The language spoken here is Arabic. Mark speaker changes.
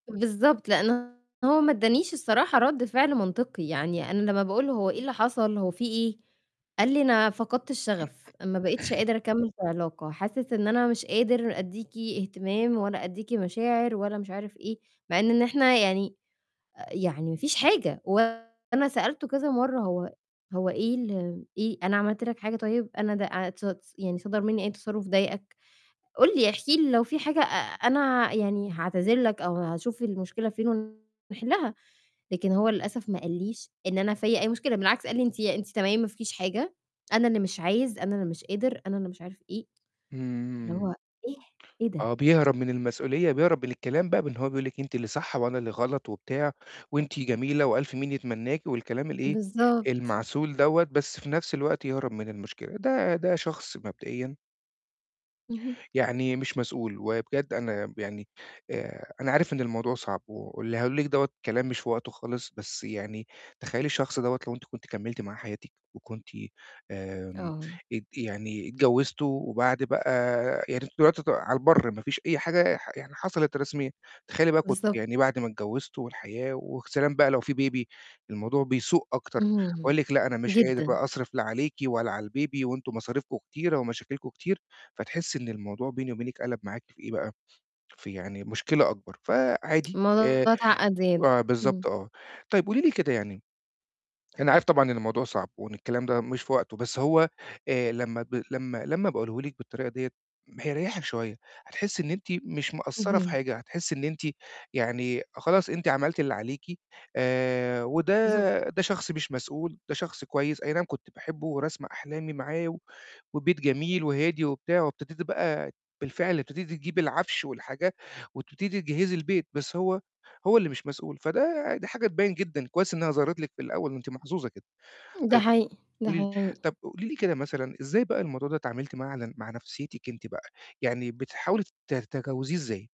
Speaker 1: بالضبط، لإن هو ما ادّانيش الصراحة رد فعل منطقي، يعني أنا لمّا باقول له هو إيه اللي حصل، هو فيه إيه؟ قال لي: "أنا فقدت الشغف، ما بقيتش قادر أكمّل في علاقة، حاسس إن أنا مش قادر ادّيكِ اهتمام ولا ادّيكِ مشاعر ولا مش عارف إيه." مع إن إحنا يعني يعني مفيش حاجة، وأنا سألته كذا مَرّة هو هو إيه ال إيه، أنا عملت لك حاجة طيب؟ أنا ده عت ص يعني صدر مني أي تصرُّف ضايقك؟ قُل لي احكي لي لو في حاجة أ أنا يعني هاعتذر لك، أو هاشوف المشكلة فين ونحلها، لكن هو للأسف ما قاليش إن أنا فيَّ أي مشكلة، بالعكس قال لي: "أنتِ أنتِ تمام ما فيكيش حاجة، أنا اللي مش عايز، أنا اللي مش قادر، أنا اللي مش عارف إيه." فاللي هو
Speaker 2: إمم.
Speaker 1: إيه! إيه ده؟!
Speaker 2: آه بيهرب من المسؤولية، بيهرب من الكلام بقى من إن هو بيقول لِك: "أنتِ اللي صح، وأنا اللي غلط وبتاع، وأنتِ جميلة وألْف مين يتمناكي." والكلام الإيه،
Speaker 1: بالضبط.
Speaker 2: المعسول دوَّة، بس في نفْس الوقت يهرب من المشكلة، ده ده شخص مبدئيًا
Speaker 1: اهم.
Speaker 2: يعني مش مسؤول، وبجد أنا ب يعني، آآ، أنا عارف إن الموضوع صعب، واللي هاقوله لِك دوَّة كلام مش في وقته خالص، بس يعني تخيّلي الشخص دوَّة لو أنتِ كنتِ كملتِ مع حياتِك وكنتِ آمم،
Speaker 1: آه.
Speaker 2: ات يعني اتجوّزتوا، وبعد بقى يعني أنتم دلوقتي ع على البَر، ما فيش أي حاجة ح يعني حصلِت رسميًا، تخيّلي بقى كنتِ
Speaker 1: بالضبط.
Speaker 2: يعني بعد ما اتجوّزتوا، والحياة وسلام بقى لو فيه Baby، الموضوع بيسوء أكتر،
Speaker 1: اهم،
Speaker 2: يقول لِك: "لا أنا مش قادر
Speaker 1: جدًا.
Speaker 2: بقى أصرف لا عليكِ ولا على الbaby، وأنتم مصارفكم كتيرة ومشاكلكم كتير،" فتحسّي إن الموضوع بيني وبينِك قلَب معاكِ في إيه بقى، في يعني مشكلة أكبر، فعادي،
Speaker 1: الموضوع
Speaker 2: آآ،
Speaker 1: اتعقّد زيادة،
Speaker 2: بالضبط
Speaker 1: إمم.
Speaker 2: آه، طيب قولي لي كده يعني، أنا عارف طبعًا إن الموضوع صعب، وإن الكلام ده مش في وقته، بس هو، آآ، لمّا ب لمّا لمّا باقوله لِك بالطريقة ديَّة هيريحِك شوية، هتحسّي إن أنتِ مش مقصرة في
Speaker 1: اهم.
Speaker 2: حاجة، هتحسّي إن أنتِ يعني خلاص أنتِ عملتِ اللي عليكِ، آآ،
Speaker 1: بالضبط.
Speaker 2: وده ده شخص مش مسؤول، ده شخص كويس، أينعم كنت باحبه ورسمة أحلامي معاه و وبيت جميل وهادي وبتاع، وابتديتِ بقى بالفعل ابتديتِ تجيبي العَفش والحاجات، وابتديتِ تجهزي البيت، بس هو هو اللي مش مسؤول، فده ده حاجة تبيِّن جدًا، كويس إنها ظهرت لِك في الأول، أنتِ محظوظة كده،
Speaker 1: ده
Speaker 2: طيب
Speaker 1: حقيقي، ده
Speaker 2: قولي لي
Speaker 1: حقيقي.
Speaker 2: طب قولي لي كده مثلًا، إزاي بقى الموضوع ده اتعاملتِ معاه على ن مع نفْسيتِك أنتِ بقى؟ يعني بتحاولي ت تتجاوزيه إزاي؟